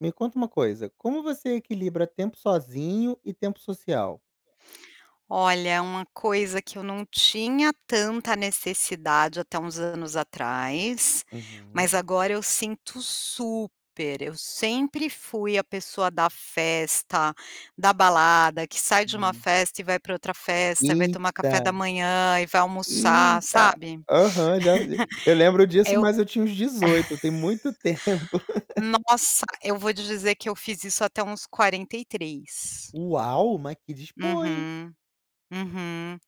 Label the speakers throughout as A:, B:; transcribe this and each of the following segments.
A: Me conta uma coisa, como você equilibra tempo sozinho e tempo social?
B: Olha, uma coisa que eu não tinha tanta necessidade até uns anos atrás, mas
A: Uhum.
B: agora eu sinto super, eu sempre fui a pessoa da festa, da balada, que sai de uma
A: [unintelligible]
B: festa e vai para outra festa, vai tomar café da
A: Eita!
B: manhã e vai almoçar,
A: Eita,
B: sabe?
A: aham já eu lembro disso
B: Eu
A: mas eu tinha uns 18, tem muito tempo.
B: Nossa, eu vou te dizer que eu fiz isso até uns 43.
A: Uau, mas que "dispo", hein.
B: Uhum, uhum.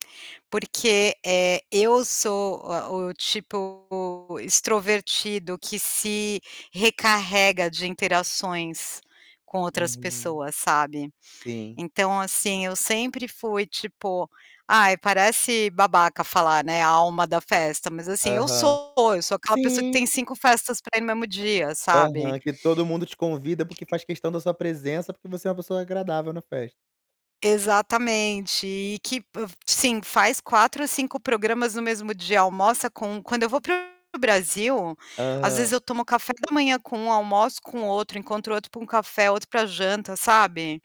B: Porque, eh, eu sou o o tipo, extrovertido que se recarrega de interações com outras
A: Uhum.
B: pessoas, sabe.
A: Sim.
B: Então assim, eu sempre fui tipo, ai parece babaca falar, né, a alma da festa, mas assim, eu
A: Aham.
B: sou, eu sou aquela pessoa que
A: Sim.
B: tem 5 festas no mesmo dia, sabe?
A: Aham, que todo mundo te convida porque faz questão da sua presença porque você é uma pessoa agradável na festa.
B: Exatamente, e que p sim, faz 4 ou 5 programas no mesmo dia, almoça com um quando eu vou para o Brasil, às
A: Aham.
B: vezes eu tomo café da manhã com um, almoço com outro, encontro outro para um café, outro para janta, sabe.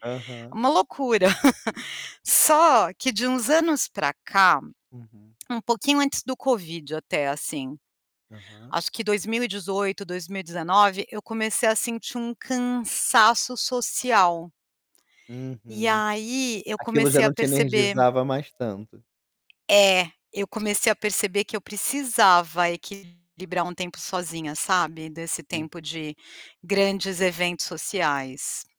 B: É
A: Aham.
B: uma loucura. Só, que de uns anos para cá,
A: Uhum.
B: um pouquinho antes do Covid até assim,
A: Aham.
B: Acho que 2018, 2019, eu comecei a sentir um cansaço social. E
A: Uhum.
B: aí, eu
A: Aquilo já
B: comecei a
A: não te
B: perceber.
A: energizava mais tanto.
B: É, eu comecei a perceber que eu precisava equilibrar um tempo sozinha, sabe. Desse
A: Hum.
B: tempo de grandes eventos sociais.